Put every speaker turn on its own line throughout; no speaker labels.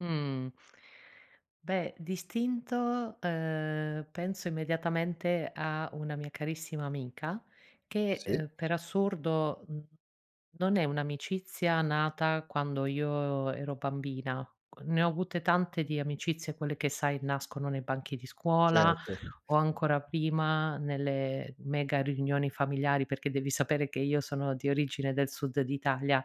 Mh. Beh, d'istinto, uhm, penso immediatamente a una mia carissima amica che,
Sì?
uhm, per assurdo, mhmm, non è un'amicizia nata quando io ero bambina. Uhm, ne ho avute tante di amicizie quelle che sai nascono nei banchi di scuola,
Certo.
o ancora prima, nelle mega riunioni familiari, perché devi sapere che io sono di origine del sud d'Italia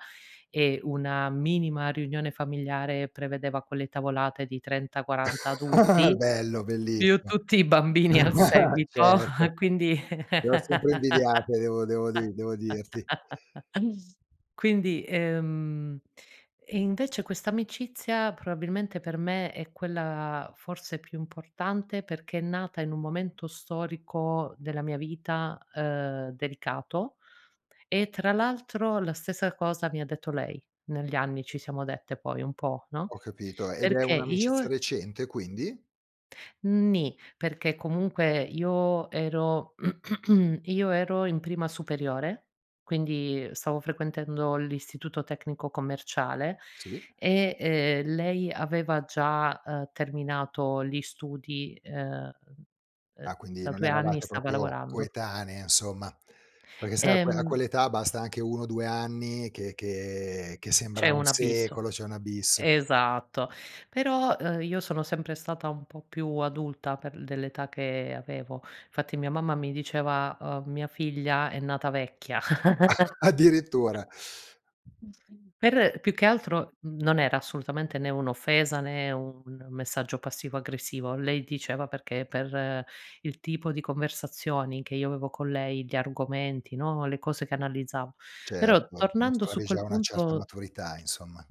e una minima riunione familiare prevedeva quelle tavolate di 30, 40 adulti,
Bello,
più
bellissimo.
tutti i bambini al seguito,
Certo.
quindi
Le ho sempre invidiate devo devo di devo dirti.
Quindi, ehm invece questa amicizia probabilmente per me è quella forse più importante perché è nata in un momento storico della mia vita, uhm, delicato. E tra l'altro la stessa cosa mi ha detto lei, negli anni ci siamo dette poi un po', no,
Ho capito. Ed è
perché
un'amicizia
io
recente quindi?
Mh, ni. Perché comunque io ero io ero in prima superiore, quindi stavo frequentando l'Istituto tecnico commerciale
Sì.
e, ehm, lei aveva già, uhm terminato gli studi, uhm, uhm,
Ah, quindi
da
non
2 anni e
eravate
stava
proprio
lavorando.
coetanee, insomma. Perché sai a que a
Ehm
quell'età basta anche 1 o 2 anni che che che
C'è
sembra un
un abisso.
secolo, c'è un abisso.
Esatto, però, uhm, io sono sempre stata un po' più adulta per dell'età che avevo. Infatti mia mamma mi diceva, uhm, mia figlia è nata vecchia. A
Addirittura.
Per, più che altro, mhmm, non era assolutamente né un'offesa né un messaggio passivo aggressivo. Lei diceva perché per il tipo di conversazioni che io avevo con lei, di argomenti, no, le cose che analizzavo. Però
Certo,
tornando su
dimostravi
quel
già una certa
punto
maturità insomma.